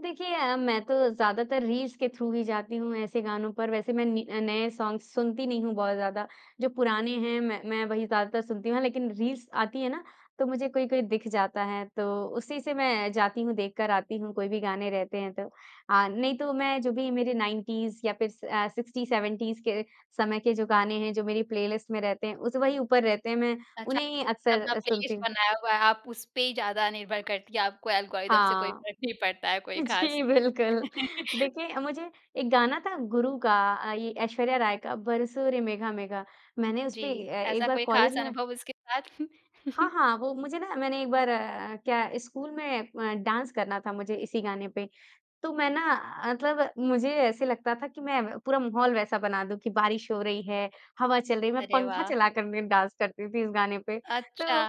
देखिए अ, मैं तो ज़्यादातर रील्स के थ्रू ही जाती हूँ ऐसे गानों पर। वैसे मैं नि नए सॉन्ग्स सुनती नहीं हूँ बहुत ज़्यादा, जो पुराने हैं मैं मैं वही ज़्यादातर सुनती हूँ, लेकिन रील्स आती हैं ना, तो मुझे कोई-कोई दिख जाता है। तो उसी से मैं जाती हूँ, देख कर आती हूँ कोई भी गाने रहते हैं तो,, नहीं तो मैं जो भी मेरे 90s या फिर अ, 60-70s के समय के जो गाने हैं, जो मेरी प्लेलिस्ट में रहते हैं, उस वही ऊपर रहते हैं, मैं अच्छा, उन्हें ही आपने अक्सर अपना सुनती प्लेलिस्ट हूँ। बनाया हुआ है, आप उसपे ही ज़्यादा निर्भर करती हैं। आपको एल्गोरिथम से कोई हाँ। फ़र्क नहीं पड़ता है, कोई ख़ास। जी बिल्कुल, देखिए मुझे एक गाना था गुरु का, अ, ये ऐश्वर्या राय का बरसों रे मेघा मेघा। मैंने उसपे जी, अ, एक ऐसा बार कोई कॉलेज ख़ास में अनुभव उसके बाद? हाँ, हाँ। वो मुझे न मैंने एक बार अ, क्या स्कूल में अ, डांस करना था मुझे इसी गाने पे, तो मैं न मतलब मुझे ऐसे लगता था कि मैं पूरा माहौल वैसा बना दूँ कि बारिश हो रही है, हवा चल रही है, मैं अरे पंखा वाह! चला कर मैं डांस करती थी इस गाने पे, तो अच्छा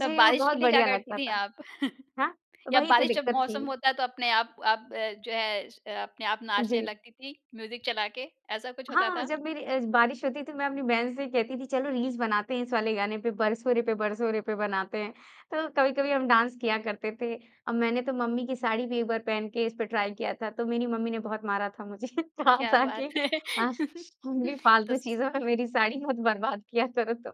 तब वो बारिश के बहुत लिए क्या बढ़िया करती लगता थी था। आप? हाँ, तो या वही तो बारिश जब दिक्कत थी। मौसम होता है तो अपने आप आप अ, जो है अ, अपने आप नाचने जी। लगती थी म्यूज़िक चला के, ऐसा कुछ होता हाँ, था? जब मेरी अ, बारिश होती थी मैं अपनी बहन से कहती थी चलो रील्स बनाते हैं इस वाले गाने पे, बरसों रे पे, बरसों रे पे बनाते हैं। तो कभी-कभी हम डांस किया करते थे। अब मैंने तो मम्मी की साड़ी भी एक बार पहन के इस पे ट्राई किया था, तो मेरी मम्मी ने बहुत मारा था मुझे। कहा क्या था कि बात है! हाँ, तुम भी तो फ़ालतू चीज़ों में मेरी साड़ी मत बर्बाद किया करो तुम।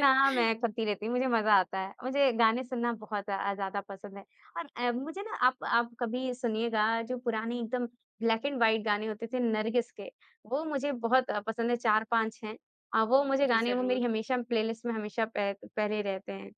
ना, मैं करती रहती हूँ, मुझे मज़ा आता है। मुझे गाने सुनना बहुत अ, ज़्यादा पसंद है और अ, मुझे न आप आप कभी सुनिएगा, जो पुराने एकदम ब्लैक एंड व्हाइट गाने होते थे नरगिस के, वो मुझे बहुत अ, पसंद है। 4-5 हैं अ, वो मुझे जी, गाने, वो मेरी ज़रूर। हमेशा प्लेलिस्ट में हमेशा पह पहले रहते हैं।